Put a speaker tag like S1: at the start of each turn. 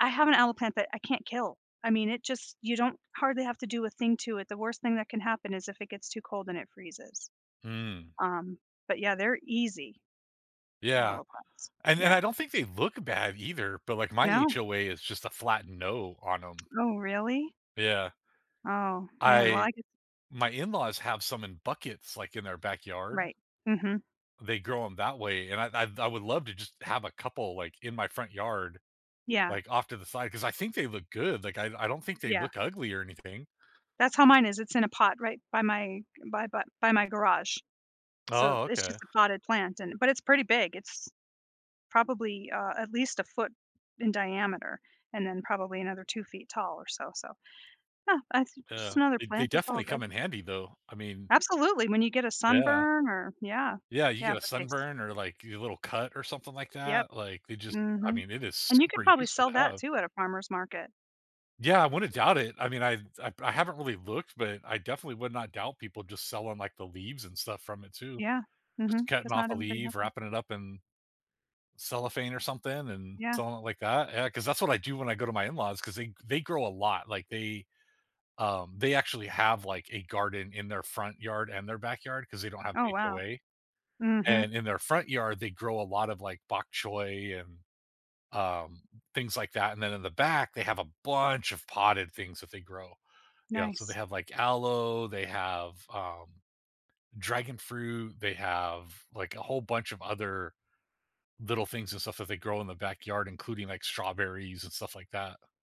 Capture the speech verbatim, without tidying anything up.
S1: I have an aloe plant that I can't kill, I mean, it just you don't hardly have to do a thing to it, the worst thing that can happen is if it gets too cold and it freezes,
S2: Mm.
S1: um, but yeah, they're easy, a
S2: Yeah,
S1: loe plants,
S2: and then
S1: yeah.
S2: I don't think they look bad either, but like my
S1: No.
S2: HOA is just a flat no on 'em.
S1: Oh, really?
S2: Yeah.
S1: Oh man, well,
S2: I
S1: I g
S2: my in-laws have some in buckets like in their backyard.
S1: Right, mhm.
S2: They grow 'em that way, and I'd I've I would love to just have a couple, like, in my front yard,
S1: Yeah.
S2: like, off to the side, 'cause I think they look good, like I I don't think they
S1: Yeah.
S2: look ugly or anything.
S1: That's how mine is, it's in a pot right by my by by my garage, so
S2: Oh,
S1: it's
S2: okay.
S1: just a potted plant, and, but it's pretty big it's probably, uh, at least a foot in diameter, and then probably another two feet tall or so, so, yeah, that's just
S2: Uh,
S1: another
S2: they they
S1: plant, it's all
S2: definitely
S1: good.
S2: come in handy though, I mean,
S1: Absolutely, when you get a
S2: yeah.
S1: sunburn or yeah,
S2: Yeah, you
S1: yeah,
S2: get a
S1: but this.
S2: sunburn or like a little cut or something like
S1: Yep,
S2: that, like, they just I
S1: mhm,
S2: mean, it is
S1: and you could
S2: super
S1: probably
S2: useful
S1: sell
S2: to
S1: that
S2: have.
S1: too at a farmer's market.
S2: Yeah, I wouldn't doubt it. I mean, I've I've I haven't really looked, but I definitely would not doubt people just selling like the leaves and stuff from it too.
S1: Yeah,
S2: Just
S1: mhm,
S2: cutting
S1: 'cause
S2: off
S1: not
S2: a
S1: everybody has
S2: leaf,
S1: one.
S2: wrapping it up in cellophane or something and
S1: Yeah.
S2: something like that, yeah, cause that's what I do when I go to my in-laws, 'cause they they grow a lot, like, they, um, they actually have, like, a garden in their front yard and their backyard 'cause they don't have an
S1: Oh wow.
S2: HOA,
S1: Mhm.
S2: and in their front yard, they grow a lot of, like, bok choy and, um, things like that, and then in the back, they have a bunch of potted things that they grow, yeah, so they
S1: Nice.
S2: have, like, aloe, they have, um, dragon fruit, they have, like, a whole bunch of other little things and stuff that they grow in the backyard, including, like, strawberries and stuff like that.